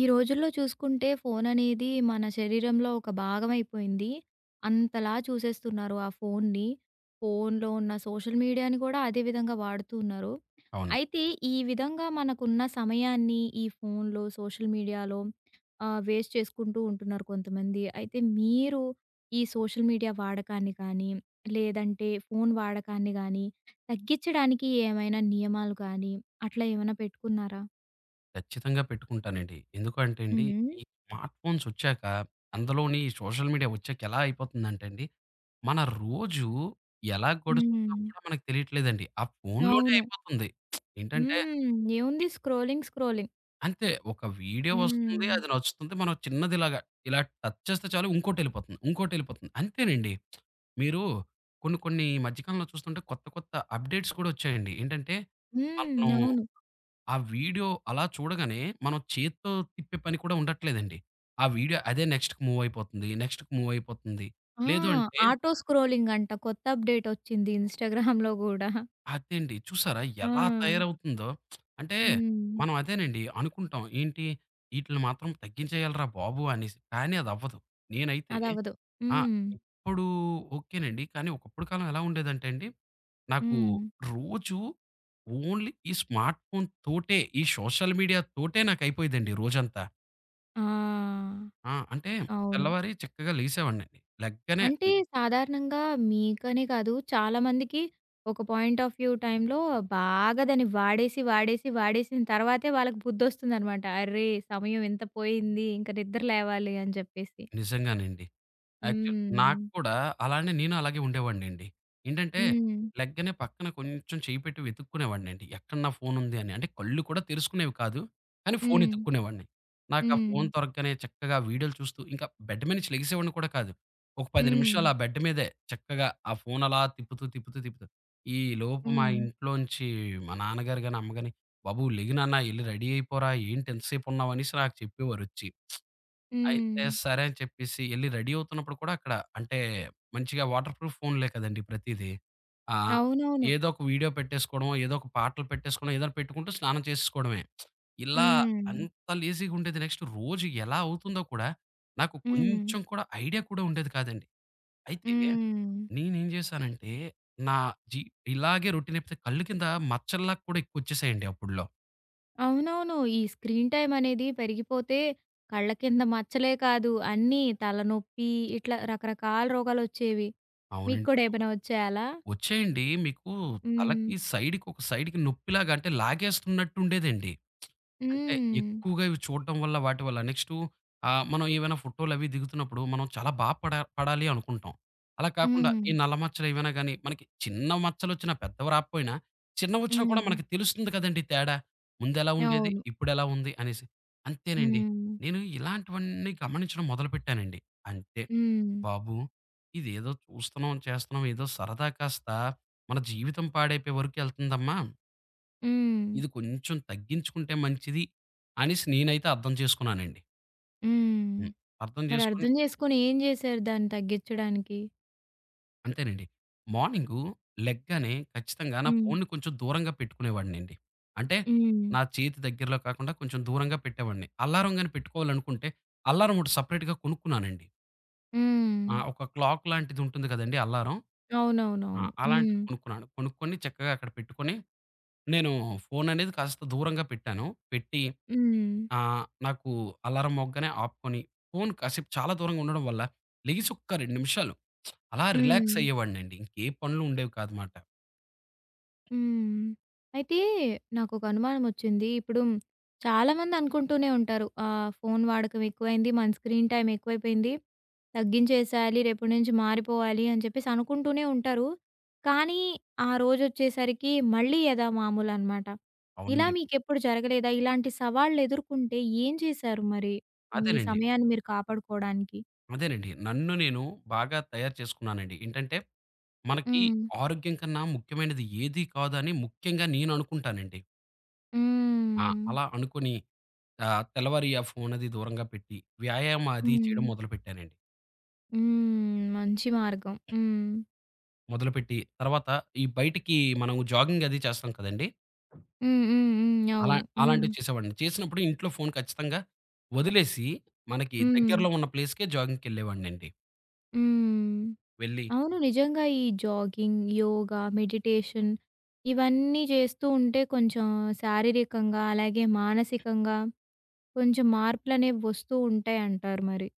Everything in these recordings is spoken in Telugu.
ఈ రోజుల్లో చూసుకుంటే, ఫోను అనేది, మన శరీరంలో ఒక భాగవయిపోయింది. అంతలా చూసేస్తున్నారు ఆ ఫోనుని. ఫోనులో ఉన్న సోషల్ మీడియాని గూడా, అదే విధంగా వాడుతూ ఉన్నారు. అవును. అయితే ఈ విధంగా, మనకున్న సమయాన్ని, ఈ ఫోనులో సోషల్ మీడియాలో ఆహ్, వేస్ట్ చేసుకుంటూ ఉంటున్నారు కొంతమంది. అయితే మీరు ఈ సోషల్ మీడియా వాడకాన్ని కాని, లేదంటే ఫోను వాడకాన్ని గాని, తగ్గించడానికి ఏవైనా నియమాలు కాని, అట్లా ఏవన్నా పెట్టుకున్నారా? ఖచ్చితంగా పెట్టుకుంటానండి. హ్మ్. ఎందుకంటేండి, హ్మ్. ఈ స్మార్ట్ ఫోన్సొచ్చాక, అందులోని ఈ సోషల్ మీడియా ఒచ్చాక ఎలా అయిపోతుందంటే అండి. మన రోజు, ఎలా గడుస్తుందో హ్మ్. కూడా మనకు తెలియట్లేదండి. ఆ ఫోనులోనే అవును. అయిపోతుంది. ఏంటంటే హ్మ్. ఏముంది. స్క్రోలింగ్. స్క్రోలింగ్. అంతే ఒక వీడియో హ్మ్. వస్తుంది. హ్మ్. అది నచ్చుతుంది. మనం చిన్నదిలాగా, ఇలా టచ్ చేస్తే చాలు ఇంకోటేళ్ళిపోతంది. ఇంకోటేళ్ళిపోతంది. అంతేనండి. మీరు కొన్ని, కొన్ని ఈ మధ్యకాలంలో చూస్తుంటే కొత్త, కొత్త అప్‌డేట్స్ కూడోచ్చాయండి. ఏంటంటే, మనం హ్మ్. అవును. ఆ వీడియో అలా చూడగానే, మనం చేత్తో తిప్పే పని కూడా ఉండట్లేదండి. ఆ వీడియో అదే నెక్స్ట్‌కి మూవయిపోతుంది. నెక్స్ట్‌కి మూవయిపోతుంది. ఆ! లేదు అంటే ఆటో స్క్రోలింగంట, కొత్త అప్‌డేటోచ్చింది ఇన్‍స్టాగ్రామ్‍లో గూడా. అదేండి చూసారా, ఎలా ఆ! తయారవుతుందో? అంటే హ్మ్. మనం అదేనండి అనుకుంటాం. ఏంటి, ఇటిల్ని మాత్రం తగ్గించేయాలిరా బాబు అనేసి. కాని, అది అవ్వదు. నేనైతే అదవ్వదు. ఆ! హ్మ్. ఇప్పుడు ఓకే నండి. కాని, ఒకప్పుడు కాలం ఎలా ఉండేదంటే అండి. నాకు హ్మ్. రోజు ఓన్లీ, ఈ స్మార్ట్ ఫోనుతోటే, ఈ సోషల్ మీడియా‌తోటే నాకు అయిపోయేదండి రోజంతా. ఆ! ఆ! అంటే అవును. తెల్లవారి చక్కగా లెగిసేవాడినండి. లెగ్గానే అంటే, హ్మ్. సాధారణంగా మీకనే కాదు, చాలామందికి ఒక పాయింట్ ఆఫ్ వ్యూ టైమ్‌లో బాగా దాన్ని వాడేసి, వాడేసి, వాడేసిన తర్వాతే, వాళ్ళకి బుద్దొస్తుందనమాట. అరె సమయమెంత పోయింది, ఇంక నిద్ర లేవాలి అని జెప్పేసి. నిజంగానండి. యాక్చు నాకు హ్మ్. కూడా అలానే నేను అలాగే ఉండేవాడినండి. ఏంటంటే, హ్మ్. లెగ్గానే పక్కన కొంచెం చెయ్యి పెట్టి వెతుక్కునేవాడినండి. ఎక్కడ నా ఫోనుందని. అంటే, కళ్ళు కూడా తెరుసుకునేవి కాదు, కానీ ఫోన్ హ్మ్. ఎతుక్కునేవాన్ని. నాకు ఆ ఫోన్ హ్మ్. దొరగ్గానే చక్కగా వీడియోలు చూస్తూ ఇంక బెడ్ మీద నుంచి లెగిసేవాడిని కూడా కాదు. ఒక 10 హ్మ్. నిమిషాలు ఆ బెడ్ మీదే చక్కగా ఆ ఫోన్ అలా తిప్పుతూ, తిప్పుతూ, తిప్పుతూ ఈ లోపు మా హ్మ్. ఇంట్లోంచి మా నాన్నగారుగాని, అమ్మగాని "బాబు లెగు నాన్న ఎళ్లి రెడీ అయిపోరా ఏంటి ఇంత సేపు ఉన్నావనేసి" నాకు చెప్పేవారచ్చి. అయితే హ్మ్. సరే అని చెప్పేసి ఎళ్లి రెడీ అవుతున్నప్పుడు కూడా అక్కడ అంటే మంచిగా వాటర్‌ప్రూఫ్ ఫోనులే కదండీ ప్రతీది. ఆహ్, అవునవును. ఏదో ఒక వీడియో పెట్టేసుకోవడమో, ఏదో ఒక పాటలు పెట్టేసుకున్నా ఏదన్నా పెట్టుకుంటూ స్నానం చేసేసుకోవడమే. ఇలా హ్మ్. అంత లేజీగుండేది. నెక్స్ట్ రోజు ఎలా అవుతుందో కూడా నాకు హ్మ్. కొంచెం కూడా ఐడియా కూడా ఉండేది కాదండి. అయితే, హ్మ్. నేను ఏం జేశానంటే, నా జీ ఇలాగే రొటీనైపోతే కళ్ళు కింద మచ్చల్లా కూడా ఎక్కువొచ్చేసాయండి అప్పుడ్లో. అవునవును. ఈ స్క్రీన్ టైమ్ అనేది పెరిగిపోతే, కళ్ళ కింద మచ్చలే కాదు, అన్నీ తలనొప్పి ఇట్లా రకరకాల రోగాలొచ్చేవి. మీకు అవునండి. కూడా ఏమైనా ఒచ్చాయా అలా? ఒచ్చాయండి. మీకు హ్మ్. తలకి సైడుకొక సైడుకి నొప్పిలాగా అంటే లాగేస్తున్నట్టు ఉండేదండి. అంటే, హ్మ్. ఎక్కువగా ఇవి చూడటం వల్ల వాటి వల్ల. నెక్స్టు ఆహ్, మనం ఏమైనా ఫోటోలవి దిగుతున్నప్పుడు మనం చాలా బా పడ పడాలి అనుకుంటాం. అలా కాకుండా ఈ హ్మ్. నల్ల మచ్చలేవైనా గాని మనకి చిన్న మచ్చలొచ్చిన, పెద్దవి రాపోయినా, చిన్నవొచ్చినా కూడా హ్మ్. మనకు తెలుస్తుంది కదండీ తేడా. ముందెలా ఉండేది? అవును. ఇప్పుడెలా ఉంది? అనేసి. అంతేనండి. హ్మ్. నేను ఇలాంటివన్నీ గమనించడం మొదలుపెట్టానండి. అంతే. హ్మ్. బాబు! ఇదేదో చూస్తున్నాం, చేస్తున్నాం. ఏదో సరదా కాస్త మన జీవితం పాడైపోయే వరకు ఎళ్తుందమ్మా. హ్మ్. ఇది కొంచెం తగ్గించుకుంటే మంచిది, అనేసి నేనైతే అర్థం చేసుకున్నానండి. హ్మ్. హ్మ్. అర్థం చేసుకొని మరర్థం చేసుకొని, ఏం చేశారు దాన్ని తగ్గించడానికి? అంతేనండి. మార్నింగు లెగ్గానే ఖచ్చితంగా నా హ్మ్. ఫోనుని కొంచెం దూరంగా పెట్టుకునేవాడినండి. అంటే హ్మ్. నా చేతి దగ్గరలో కాకుండా, కొంచెం దూరంగా పెట్టేవాడిని. అల్లారం గాని పెట్టుకోవాలనుకుంటే, అల్లారం ఒకటి సెపరేట్‌‌గా కొనుక్కున్నానండి. ఆ! హ్మ్. ఒక క్లాక్ లాంటిది ఉంటుంది కదండీ అల్లారం. ఆ! అవునవునవును. అలాంటిది హ్మ్. కొనుక్కున్నాను. కొనుక్కొని చక్కగా అక్కడ పెట్టుకొని, నేను ఫోను అనేది కాస్త దూరంగా పెట్టాను. పెట్టి, హ్మ్. ఆహ్, నాకు అలారం మోగ్గానే ఆపుకొని, ఫోను కాసేపు చాలా దూరంగా ఉండడం వల్ల, లెగిసొక్క 2 నిమిషాలు అలా రిలాక్స్ హ్మ్. అయ్యేవాడినండి. ఇంకే పనులు ఉండేవి కాదుమాట. హ్మ్. అయితే నాకొక అనుమానం ఒచ్చింది. ఇప్పుడు చాలామంది అనుకుంటూనే ఉంటారు. ఆహ్, ఫోను వాడకం ఎక్కువైంది. మన స్క్రీన్ టైమ్ ఎక్కువైపోయింది. తగ్గించేసేయాలి. రేపటి నుంచి మారిపోవాలి, అని చెప్పేసనుకుంటూనే ఉంటారు. కానీ ఆ రోజొచ్చేసరికి మళ్ళీ యథా మామూలనమాట. ఇలా అవునండి. మీకెప్పుడు జరగలేదా? ఇలాంటి సవాళ్లెదుర్కొంటే ఏం చేశారు మరి? మీ అదేనండి. సమయాన్ని మీరు కాపాడుకోవడానికి? అదేనండి. నన్ను నేను బాగా తయారు చేసుకున్నానండి. ఏంటంటే, మనకి హ్మ్. ఆరోగ్యం‌ కన్నా ముఖ్యమైనది ఏది కాదు అని ముఖ్యంగా నేను అనుకుంటానండి. ఆ! హ్మ్. అలా అనుకోని ఆహ్, తెల్లవారి ఆ ఫోన్ అది దూరంగా పెట్టి వ్యాయామం అది చేయడం హ్మ్. మొదలుపెట్టానండి. హ్మ్. మంచి మార్గం. హ్మ్. మొదలుపెట్టి తర్వాత ఈ బయటికి మనం జాగింగ్ అది చేస్తాం కదండీ! హ్మ్. హ్మ్. హ్మ్. అలా అవును. హ్మ్. అలాంటివి చేసేవాడిని చేసినప్పుడు ఇంట్లో ఫోను ఖచ్చితంగా వదిలేసి, మనకి హ్మ్. దగ్గరలో ఉన్న ప్లేస్‌‌కే జాగిం‌గ్‌కెళ్ళేవాడినండి. హ్మ్. వెళ్లి అవును. నిజంగా ఈ జాగింగ్ యోగా, మెడిటేషన్ ఇవన్నీ చేస్తూ ఉంటే, కొంచెం శారీరకంగా అలాగే మానసికంగా కొంచెం మార్పులనేవి వస్తూ ఉంటాయంటారు మరి.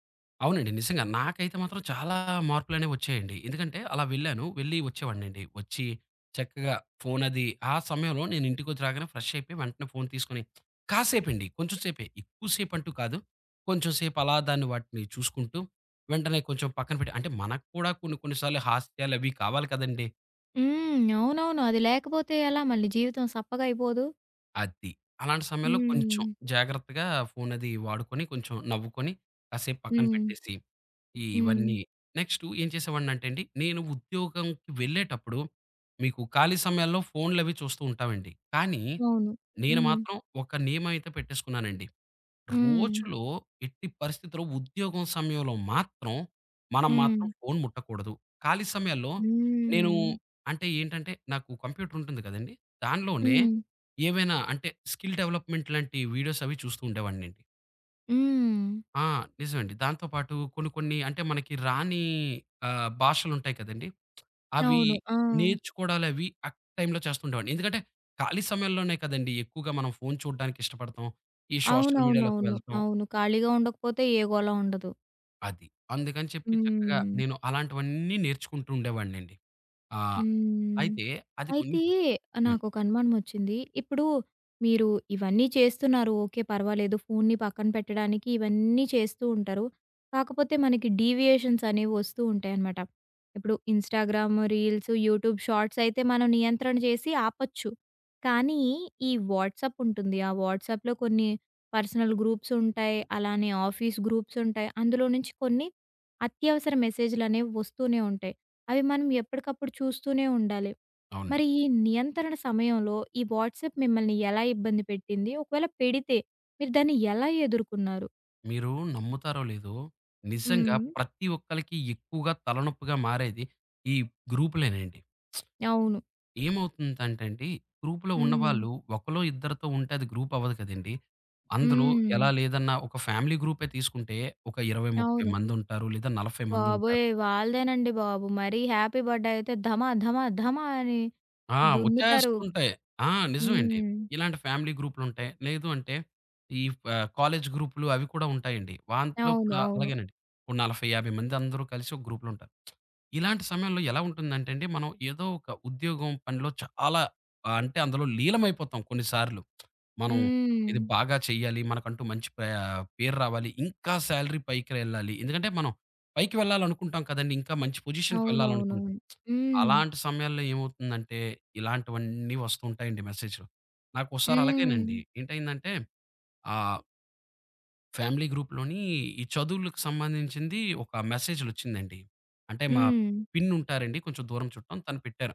అవునండి. నిజంగా. నాకైతే మాత్రం చాలా మార్పులనేవి వచ్చాయండి. ఎందుకంటే అలా వెళ్ళాను. వెళ్లి వచ్చేవాడినండి. వచ్చి చక్కగా ఫోనది ఆ సమయంలో నేనింటికొచ్చి రాగానే ఫ్రెష్ అయిపోయి, వెంటనే ఫోన్ తీసుకొని, కాసేపండి, కొంచెం సేపే ఎక్కువ సేపంటూ కాదు. కొంచెం సేపలా దాన్ని, వాటిని చూసుకుంటూ, వెంటనే కొంచెం పక్కన పెట్టి అంటే, మనకు కూడా కొన్ని కొన్ని సార్లు హాస్యాలవి కావాలి కదండీ! హ్మ్. అవునవును. అది లేకపోతే ఎలా? మళ్ళీ జీవితం సప్పగా అయిపోదు. అది. అలాంటి సమయంలో, కొంచెం హ్మ్. జాగ్రత్తగా ఫోనది వాడుకొని, కొంచెం నవ్వుకొని, కాసేపు పక్కన హ్మ్. పెట్టేసి, హ్మ్. ఇవన్నీ నెక్స్ట్ ఏం చేసేవాడినంటే అండి, నేను ఉద్యోగంకి వెళ్ళేటప్పుడు, మీకు ఖాళీ సమయాల్లో ఫోన్‌లవి చూస్తూ ఉంటామండి. కానీ, అవును. నేను హ్మ్. మాత్రం ఒక నియమమయితే పెట్టేసుకున్నానండి. హ్మ్. రోజులో ఎట్టి పరిస్థితిలో, ఉద్యోగం సమయంలో మాత్రం, మనం మాత్రం హ్మ్. ఫోన్ ముట్టకూడదు. ఖాళీ సమయాల్లో నేను, హ్మ్. అంటే ఏంటంటే, నాకు కంప్యూటర్ ఉంటుంది కదండీ! దాంట్లోనే హ్మ్. ఏమైనా, అంటే స్కిల్ డెవలప్‌మెంట్ లాంటి వీడియోస్ అవి చూస్తూ ఉండేవాన్నండి. హ్మ్. ఆ! నిజమండి. దాంతో పాటు, కొన్ని కొన్ని, అంటే మనకి రాని ఆహ్, భాషలుంటాయి కదండీ! అవి అవును. ఆ! నేర్చుకోవడాలవి ఆ టైమ్‌లో చేస్తుండేవాడిని. ఎందుకంటే, ఖాళీ సమయంలోనే కదండీ ఎక్కువగా మనం ఫోన్ చూడ్డానికిష్టపడతాం, ఈ సోషల్ మీడియా లోకి అవునవునవును. వెళ్తాం. అవును. ఖాళీగా ఉండకపోతే ఏ గోల ఉండదు. అది. అందుకని చెప్పి చక్కగా హ్మ్. నేను అలాంటివన్నీ నేర్చుకుంటుండేవాడినండి. ఆ! హ్మ్. అయితే, అది కొన్ అయితే హ్మ్. నాకొక అనుమానమొచ్చింది. ఇప్పుడు మీరు ఇవన్నీ చేస్తున్నారు. ఓకే, పర్వాలేదు. ఫోన్‌ని పక్కన పెట్టడానికి ఇవన్నీ చేస్తూ ఉంటారు. కాకపోతే మనకి డీవియేషన్స్ అనేవి వస్తూ ఉంటాయనమాట. ఇప్పుడు ఇన్‌‌‌‌‌‌‌‌స్టాగ్రామ్ రీల్స్, యూట్యూబ్ షార్ట్స్ అయితే, మనం నియంత్రణ చేసి ఆపొచ్చు. కానీ ఈ వాట్సాప్ ఉంటుంది. ఆ వాట్సాప్‌లో కొన్ని పర్సనల్ గ్రూప్స్ ఉంటాయి. అలానే ఆఫీస్ గ్రూప్స్ ఉంటాయి. అందులో నుంచి కొన్ని అత్యవసర మెసేజులనేవి వస్తూనే ఉంటాయి. అవి మనం ఎప్పటికప్పుడు చూస్తూనే ఉండాలి. అవునండి. మరి ఈ నియంత్రణ సమయంలో, ఈ వాట్సాప్ మిమ్మల్ని ఎలా ఇబ్బంది పెట్టింది? ఒకవేళ, పెడితే మీరు దాన్ని ఎలా ఎదుర్కున్నారు? మీరు నమ్ముతారో లేదో, నిజంగా హ్మ్. ప్రతి ఒక్కళ్ళకి ఎక్కువగా తలనొప్పిగా మారేది ఈ గ్రూపులేనండి. అవును. ఏమవుతుందంటే అండి, గ్రూప్‌లో హ్మ్. ఉన్నవాళ్ళు ఒకళ్లో ఇద్దరితో ఉంటే, అది గ్రూప్ అవ్వదు కదండీ! అందులో హ్మ్. ఎలా లేదన్నా ఒక ఫ్యామిలీ గ్రూపే తీసుకుంటే, ఒక 20, 30 అవును. మందుంటారు. లేదా 40 మందుంటారు. బాబోయ్! వాళ్ళదేనండి బాబు. మరీ హ్యాపీ బర్డే అయితే ధమాధమాధమా అని ఆ! దున్నుతారు. వచ్చేస్తుంటాయి. ఆ! నిజమే అండి. హ్మ్. ఇలాంటి ఫ్యామిలీ గ్రూపులుంటాయి. లేదు అంటే, ఈ ఫ కాలేజీ గ్రూపులు, అవి కూడా ఉంటాయండి. దాంట్లో అవును. కూడా అవును. అలాగేనండి. ఓ 40, 50 మంది అందరూ కలిసి ఒక్ గ్రూప్‌లో ఉంటారు. ఇలాంటి సమయంలో ఎలా ఉంటుందంటే అండి మనం ఏదో ఒక ఉద్యోగం పనిలో చాలా ఆహ్, అంటే అందులో లీనమైపోతాం కొన్నిసార్లు. మనం ఇది హ్మ్. బాగా చేయాలి మనకంటూ మంచి పే ఆహ్, పేరు రావాలి. ఇంకా శాలరీ పైకి వెళ్ళాలి. ఎందుకంటే, మనం పైకి వెళ్ళాలనుకుంటాం కదండీ. ఇంకా మంచి పొజిషన్‌కీ వెళ్ళాలనుకుంటాం. అవునవునవును. హ్మ్. అలాంటి సమయంలో ఏమవుతుందంటే, ఇలాంటివన్నీ వస్తు ఉంటాయండి మెసేజ్‌లో. నాకోసారలాగేనండి హ్మ్. ఏంటైందంటే ఆహ్ ఫ్యామిలీ గ్రూప్‌లోని ఈ చదువులకు సంబంధించింది ఒక మెసేజ్‌లొచ్చిందండి. అంటే, మా హ్మ్. పిన్నుంటారండి. కొంచెం దూరం చుట్టం తను పెట్టారు.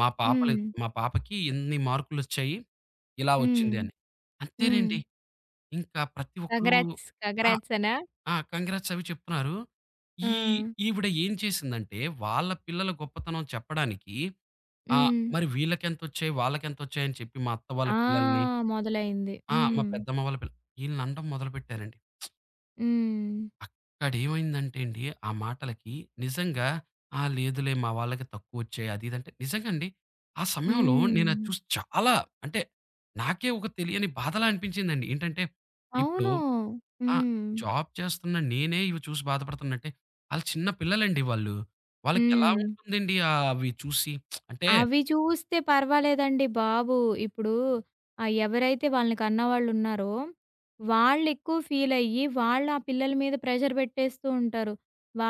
మా పాపలు హ్మ్. మా పాపకి ఇన్ని మార్కులొచ్చాయి. ఇలా హ్మ్. వచ్చింది అని. అంతేనండి. హ్మ్. ఇంకా ప్రతి ఒక్కరు కంగ్రాట్స్, ఆ! కంగ్రాట్సనా? ఆ! కాంగ్రాట్స్ అవి చెప్తున్నారు. ఈ ఆ! ఈవిడ ఏం చేసిందంటే, వాళ్ళ పిల్లల గొప్పతనం చెప్పడానికి ఆ! హ్మ్. మరి వీళ్ళకెంతొచ్చాయి, వాళ్ళకెంతొచ్చాయని చెప్పి మా అత్త వాళ్ళ ఆ! పిల్లల్ని, మొదలైంది. ఆ! మా హ్మ్. పెద్దమ్మ వాళ్ళ పిల్లలు, ఈళ్లని అనడం మొదలుపెట్టారండి. హ్మ్. అక్కడేమైందంటే అండి, ఆ మాటలకి నిజంగా, ఆ! లేదులే మా వాళ్ళకి తక్కువొచ్చాయి అది ఇది అంటే నిజంగా అండి. ఆ సమయంలో నేనది హ్మ్. చూసి చాలా అంటే నాకే ఒక తెలియని బాధలా అనిపించిందండి. ఏంటంటే, ఇప్పుడు అవును. ఆ! హ్మ్. జాబ్ చేస్తున్న నేనే ఇవి చూసి బాధపడుతున్న అంటే, ఆళ్లు చిన్న పిల్లలండి వాళ్ళు. వాళ్ళకెలా హ్మ్. ఉంటుందండి ఆహ్, ఆవి చూసి? అంటే అవి చూస్తే పర్వాలేదండి బాబు! ఇప్పుడూ ఆ ఎవరైతే వాళ్ళని కన్నవాళ్ళున్నారో, వాళ్ళు ఎక్కువ ఫీలయ్యి వాళ్ల పిల్లల మీద ప్రెషర్ పెట్టేస్తూ ఉంటారు.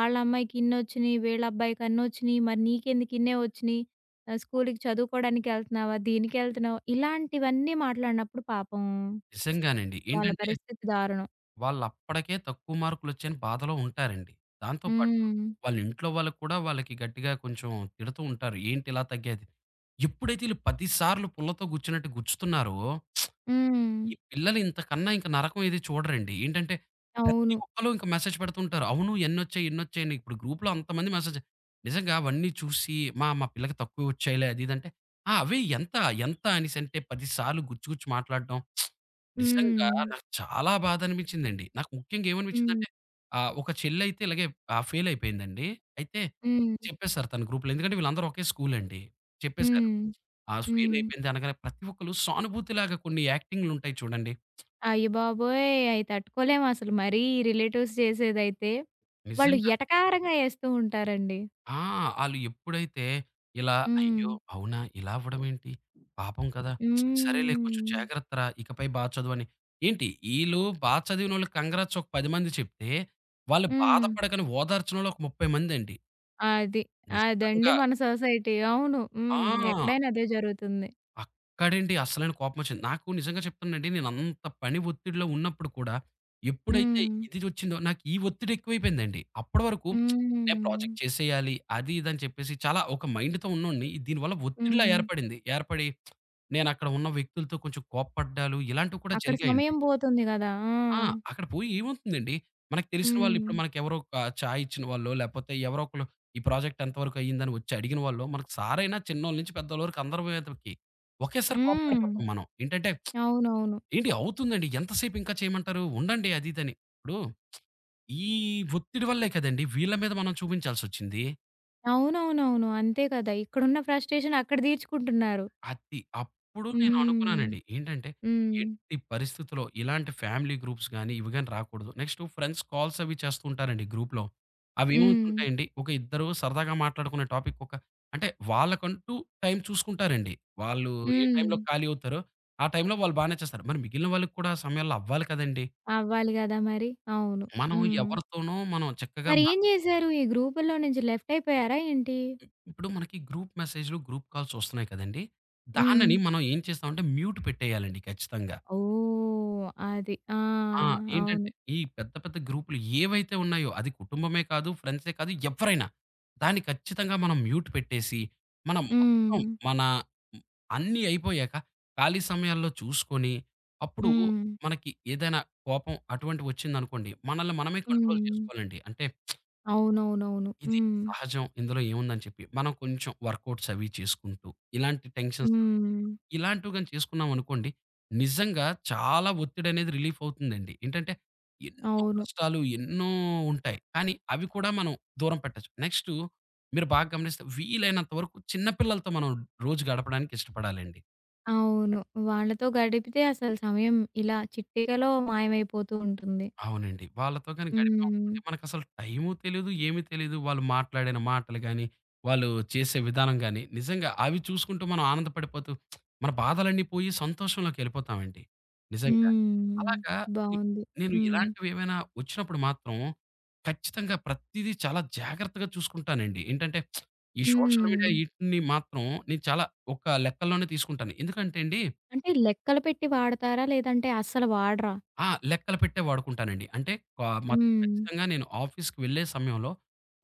నిజం. అమ్మాయికిన్నొచ్చినాయి. వీళ్ళబ్బాయికిన్నొచ్చినియి. మరి నీకెందుకిన్నే వచ్చినియి. స్కూలుకీ చదువుకోవడానికెళ్తున్నావా, దీనికెళ్తున్నావా, ఇలాంటివన్నీ మాట్లాడినప్పుడు పాపం, నిజంగానండి. వాళ్ళ ఏంటంటే, పరిస్థితి దారుణం. వాళ్ళప్పటికే తక్కువ మార్కులొచ్చాయని బాధలో ఉంటారండి. దాంతో పాటు హ్మ్. వాళ్ళ ఇంట్లో వాళ్ళకి కూడా వాళ్ళకి గట్టిగా కొంచెం తిడుతూ ఉంటారు. ఏంటిలా తగ్గేది ఎప్పుడైతే వీళ్ళు 10 సార్లు పుల్లతో గుచ్చినట్టు గుచ్చుతున్నారో, హ్మ్. ఈ పిల్లలింతకన్నా ఇంక నరకం ఏది చూడరండి. ఏంటంటే, ప్రతి అవును. ఒక్కళ్ళు ఇంక మెసేజ్ పెడుతుంటారు. అవును. ఎన్నొచ్చాయి, ఎన్ని వచ్చాయని. ఇప్పుడు గ్రూప్‌లో అంతమంది మెసేజ్ నిజంగా అవన్నీ చూసి మా మా పిల్లకు తక్కువ వచ్చాయిలే అది ఇదంటే ఆ! అవి ఎంత, ఎంత, అనేసంటే 10 సార్లు గుచ్చి గుచ్చి మాట్లాడటం, నిజంగా హ్మ్. నాకు చాలా బాధనిపించిందండి. నాకు ముఖ్యంగా హ్మ్. ఏమనిపించిందంటే, ఆహ్, ఒక చెళ్ళైతే ఇలాగే ఆహ్, ఫెయిలయిపోయిందండి అయితే హ్మ్. చెప్పేసారు తన గ్రూప్‌లో. ఎందుకంటే, వీళ్ళందరూ ఒకే స్కూలండి చెప్పేసారు. హ్మ్. హ్మ్. ఫెయిలయిపోయింది అనగానే ప్రతి ఒక్కళ్ళు సానుభూతి లాగా కొన్ని యాక్టింగులు ఉంటాయి చూడండి. అయ్య బాబోయ్! అయి తట్టుకోలేమసలు మరీ ఈ రిలేటివ్స్ చేసేదైతే. వాళ్ళు నిజంగా ఎటకారంగా ఏస్తూ ఉంటారండి. ఆ! ఆళ్ళు ఎప్పుడైతే ఇలా హ్మ్. అయ్యో! అవునా! ఇలా అవ్వడం ఏంటి? పాపం కదా! సరేలే కొంచెం హ్మ్. జాగ్రత్త రా! ఇకపై బా చదువని ఏంటి ఈళ్ళు బాగా చదివినోళ్ళకి కాంగ్రాట్స్ ఒక 10 మంది చెప్తే వాళ్ళు హ్మ్. బాధపడకని ఓదార్చినోలు ఒక 30 మందండి. అది. అదండీ నిజంగా. మన సొసైటీ. అవును. హ్మ్. ఆ! ఎక్కడైనా అదే జరుగుతుంది. అక్కడండి అసలైన కోపం ఒచ్చింది. నాకు నిజంగా చెప్తున్నానండి. నేనంత పని ఒత్తిడిలో ఉన్నప్పుడు కూడా ఎప్పుడైతే హ్మ్. ఇదిదోచ్చిందో నాకీ ఒత్తిడి ఎక్కువైపోయిందండి. అప్పడ వరకు నేనే హ్మ్. ప్రాజెక్ట్ చేసేయాలి. అది ఇది అని చెప్పేసి చాలా ఒక మైండ్‌తో ఉన్నోన్ని దీనివల్ల ఒత్తిడిలా హ్మ్. ఏర్పడింది. ఏర్పడి నేనక్కడ ఉన్న వ్యక్తులతో కొంచెం కోప్పడ్డాలు ఇలాంటివి కూడా అక్కడ జరిగాయండి. సమయం బోతుంది గదా! ఆ! ఆ! అక్కడ పోయి ఏమవుతుందండి? మనకు తెలిసిన హ్మ్. వాళ్ళిప్పుడు మనకెవరో ఒక చాయిచ్చిన వాళ్ళో, లేపోతే ఎవరో ఒకళ్ళు ఈ ప్రాజెక్ట్ ఎంత వరకు అయిందని వచ్చి అడిగిన వాళ్ళో మన సారయినా చిన్నోళ్ళ నుంచి పెద్దవాళ్ళ వరకు అందరు వేతలకి ఒకేసారి హ్మ్. కోప్పడిపోతాం మనం. ఏంటంటే అవునవును. ఏండి అవుతుందండి, ఎంత సేపింకా చేయమంటారు? ఉండండి అదిదని. ఇప్పుడు ఈ ఒత్తిడి వల్లే కదండీ వీళ్ళ మీద మనం చూపించాల్సొచ్చింది. అవునవునవును. అంతే కదా! ఇక్కడున్న ఫ్రస్ట్రేషన్ అక్కడ దీర్చుకుంటున్నారు. అది. అప్పుడు నేను హ్మ్. అనుకున్నానండి. ఏంటంటే హ్మ్. ఎట్టి పరిస్థితిలో ఇలాంటి ఫ్యామిలీ గ్రూప్స్ గాని, ఇవి గాని రాకూడదు. నెక్స్టు ఫ్రెండ్స్ కాల్స్ అవి చేస్తూ ఉంటారండి గ్రూప్‌లో. హ్మ్. అవేమవుతుంటాయండి? ఒక ఇద్దరు సరదాగా మాట్లాడుకునే టాపిక్ ఒక అంటే వాళ్ళకంటూ టైమ్ చూసుకుంటారండి. వాళ్ళు ఏ టైమ్‌లో హ్మ్. ఖాళీ అవుతారో, ఆ టైమ్‌లో వాళ్ళు బానే చేస్తారు. మరి మిగిలిన వాళ్ళకి కూడా ఆ సమయంలో అవ్వాలి కదండీ! అవ్వాలి గదా మరి! అవును. మనం హ్మ్. ఎవరితోనో మనం చక్కగా మ మరేం జేసారు? ఈ గ్రూపుల్లో నుంచి లెఫ్ట్ అయిపోయారా ఏంటి? ఇప్పుడు మనకి గ్రూప్ మెసేజ్‌లు, గ్రూప్ కాల్స్‌ ఒస్తున్నాయి కదండీ! హ్మ్. దానిని మనం ఏం చేస్తామంటే మ్యూట్ పెట్టేయాలండి ఖచ్చితంగా. ఓహ్! అది. ఆ! ఆ! ఏంటంటే అవును. ఈ పెద్ద పెద్ద గ్రూప్‌లు ఏవైతే ఉన్నాయో, అది కుటుంబమే కాదు, ఫ్రెండ్సే కాదు, ఎవ్వరైనా దాన్ని ఖచ్చితంగా మనం మ్యూట్ పెట్టేసి, మనం మొత్తం హ్మ్. మన హ్మ్. అన్ని అయిపోయాక ఖాళీ సమయాల్లో చూసుకొని అప్పుడు హ్మ్. మనకి ఏదైనా కోపం అటువంటివొచ్చిందనుకోండి మనల్ని మనమే కంట్రోల్ హ్మ్. చేసుకోవాలండి. అంటే అవునవునవును. ఇది హ్మ్. సహజం, ఇందులో ఏముందని చెప్పి మనం కొంచెం వర్క్అవుట్స్ అవి చేసుకుంటూ ఇలాంటి టెన్షన్స్ హ్మ్. ఇలాంటివి గాని చేసుకున్నామనుకోండి, నిజంగా చాలా ఒత్తిడి అనేది రిలీఫ్ అవుతుందండి. ఏంటంటే ఎన్నో అవును. కష్టాలు ఎన్నో ఉంటాయి కానీ అవి కూడా మనం దూరం పెట్టొచ్చు. నెక్స్టు మీరు బాగా గమనిస్తే వీలైనంత వరకు చిన్న పిల్లలతో మనం రోజు గడపడానికి ఇష్టపడాలండి. అవును. వాళ్ళతో గడిపితే అసలు సమయం ఇలా చిటికలో మాయమైపోతూ ఉంటుంది. అవునండి. వాళ్ళతో గాని గడిపామనుకోండి హ్మ్. మనకసలు టైము తెలీదు, ఏమి తెలీదు వాళ్ళు మాట్లాడిన మాటలు గాని వాళ్ళు చేసే విధానం గాని నిజంగా అవి చూసుకుంటూ మనం ఆనందపడిపోతూ మన బాధలన్నీ పోయి సంతోషంలోకెళ్ళిపోతామండి నిజంగా. హ్మ్. అలాగా ఇ బావుంది. నేను హ్మ్. ఇలాంటివేమైనా ఒచ్చినప్పుడు మాత్రం ఖచ్చితంగా ప్రతిదీ చాలా జాగ్రత్తగా చూసుకుంటానండి. ఏంటంటే ఈ సోషల్ మీడియా హ్మ్. ఈటిని మాత్రం నేను చాలా ఒక లెక్కలోనే తీసుకుంటాను. ఎందుకంటే అండి అంటే లెక్కలు పెట్టి వాడతారా లేదంటే అస్సలు వాడరా? ఆ! లెక్కలు పెట్టే వాడుకుంటానండి. అంటే క మ హ్మ్. ఖచ్చితంగా నేను ఆఫీస్‌కి వెళ్ళే సమయంలో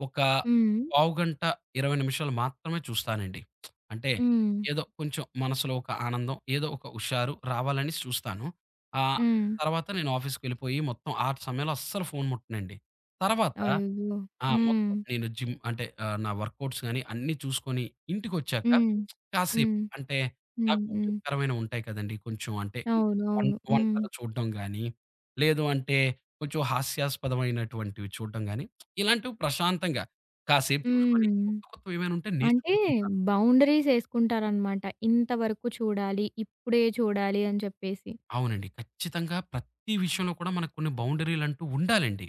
ఒక హ్మ్. పావుగంట, 20 నిమిషాలు మాత్రమే చూస్తానండి. అంటే హ్మ్. ఏదో కొంచెం మనసులో ఒక ఆనందం ఏదో ఒక హుషారు రావాలనేసి చూస్తాను. ఆహ్, హ్మ్. తర్వాత, నేను ఆఫీస్‌కెళ్ళిపోయి మొత్తం ఆ సమయంలో అస్సలు ఫోను ముట్టనండి. తర్వాత అయ్యో! ఆ! మొత్ హ్మ్. నేను జిమ్ అంటే ఆహ్, నా వర్క్‌అవుట్స్ గాని అన్నీ చూసుకొని ఇంటికొచ్చాక హ్మ్. కాసేపు హ్మ్. అంటే హ్మ్. నాకు హ్మ్. ఉపయోగకరమైనవుంటాయి కదండీ! కొంచెం అంటే అవునవును. వంట్ హ్మ్. వంటలు చూడడం గానీ లేదు అంటే కొంచెం హాస్యాస్పదమైనటువంటివి చూడడం గాని ఇలాంటివి ప్రశాంతంగా కాసేపు చూసుకొని హ్మ్. కొత్త కొత్తవేమైనుంటే అంటే నేర్చుకుంటుంటా. బౌండరీస్ ఏసుకుంటారనమాట ఇంతవరకు చూడాలి, ఇప్పుడే చూడాలి అని చెప్పేసి. అవునండి. ఖచ్చితంగా ప్రతి విషయంలో కూడా మనకు కొన్ని బౌండరీలుంటూ ఉండాలండి.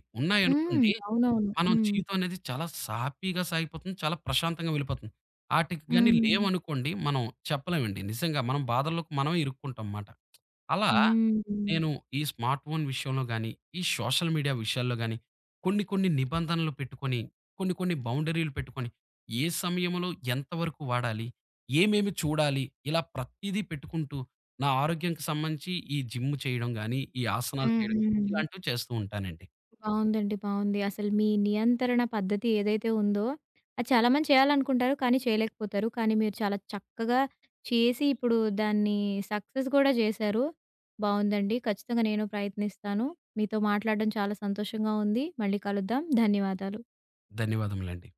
హ్మ్. ఉన్నాయనుకోండి అవునవును. మనం హ్మ్. జీవితమనేది చాలా సాఫీగా సాగిపోతుంది. చాలా ప్రశాంతంగా వెళ్ళిపోతుంది. ఆటికి గాని హ్మ్. లేవనుకోండి మనం చెప్పలేమండి. నిజంగా మనం బాధల్లోకి మనమే ఇరుక్కుంటాం మాట. అలా హుహు. నేను ఈ స్మార్ట్ ఫోన్ విషయంలో గాని ఈ సోషల్ మీడియా విషయాల్లో గాని కొన్ని కొన్ని నిబంధనలు పెట్టుకొని కొన్ని కొన్ని బౌండరీలు పెట్టుకొని ఏ సమయంలో ఎంతవరకు వాడాలి? ఏమేమి చూడాలి? ఇలా ప్రతీదీ పెట్టుకుంటూ నా ఆరోగ్యానికి సంబంధించి ఈ జిమ్ చేయడం గాని ఈ ఆసనాలు చేయడం హుహు. ఇలాంటివి చేస్తూ ఉంటానండి. బావుందండి. బావుంది. అసలు మీ నియంత్రణ పద్ధతి ఏదైతే ఉందో అది చాలామంది చేయాలనుకుంటారు కానీ చేయలేకపోతారు. కానీ మీరు చాలా చక్కగా చేసి ఇప్పుడు దాన్ని సక్సెస్ గూడా చేశారు. బావుందండి. ఖచ్చితంగా నేను ప్రయత్నిస్తాను. మీతో మాట్లాడడం చాలా సంతోషంగా ఉంది. మళ్ళీ కలుద్దాం. ధన్యవాదాలు. ధన్యవాదములండి.